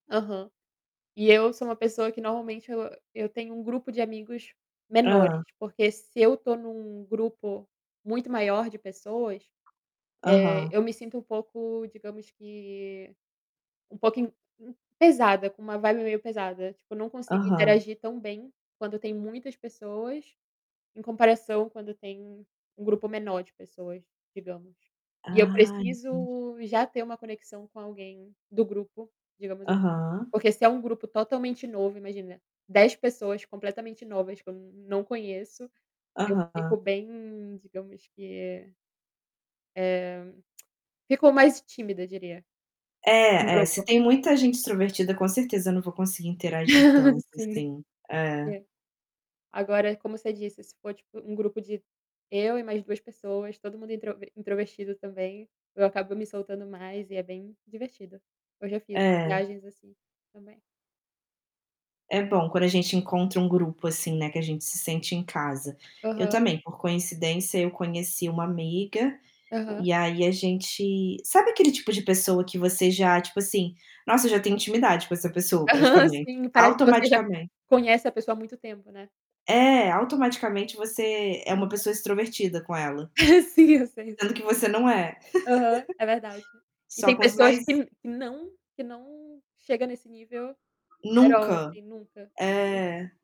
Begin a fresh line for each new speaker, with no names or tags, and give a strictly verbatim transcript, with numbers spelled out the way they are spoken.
Aham. E eu sou uma pessoa que normalmente eu eu tenho um grupo de amigos menores,
Hã.
porque se eu estou em um grupo muito maior de pessoas, eh,
Aham.
eu me sinto um pouco, digamos que um pouquinho pesada, com uma vibe meio pesada, tipo eu não consigo
Aham.
interagir tão bem, quando tem muitas pessoas, em comparação quando tem um grupo menor de pessoas, digamos. E eu
Ah, entendi.
preciso já ter um conexão com alguém do grupo, digamos assim.
Aham.
Porque se é um grupo totalmente novo, imagina, dez pessoas completamente novas que eu não conheço, eu fico
Aham.
bem, digamos que eh, fico mais tímida, diria, no
É, é. Se
grupo.
tem muita gente extrovertida, com certeza eu não vou conseguir interagir tanto
Sim.
assim, é.
É. Agora, como você disse, se for tipo um grupo de eu e mais duas pessoas, todo mundo introv introvertido também, eu acabo me soltando mais e é bem divertido. Eu já fiz
É.
viagens assim também.
É bom quando a gente encontra um grupo assim, né, que a gente se sente em casa. Eu
Aham.
também, por coincidência, eu conheci uma amiga,
Aham.
e aí a gente sabe aquele tipo de pessoa que você já, tipo assim, nossa eu já tenho intimidade com essa pessoa
Aham,
praticamente?
sim, parece que você já
Automaticamente.
conhece a pessoa há muito tempo, né.
É, automaticamente você é uma
Aham.
pessoa extrovertida com ela
Sim, eu sei,
sendo
sei
que
qual
você não é.
é. Aham. É verdade. E
Só
tem
com os
pessoas
mais
que não que não chega nesse nível, at all
Nunca.
assim, nunca, hum
É.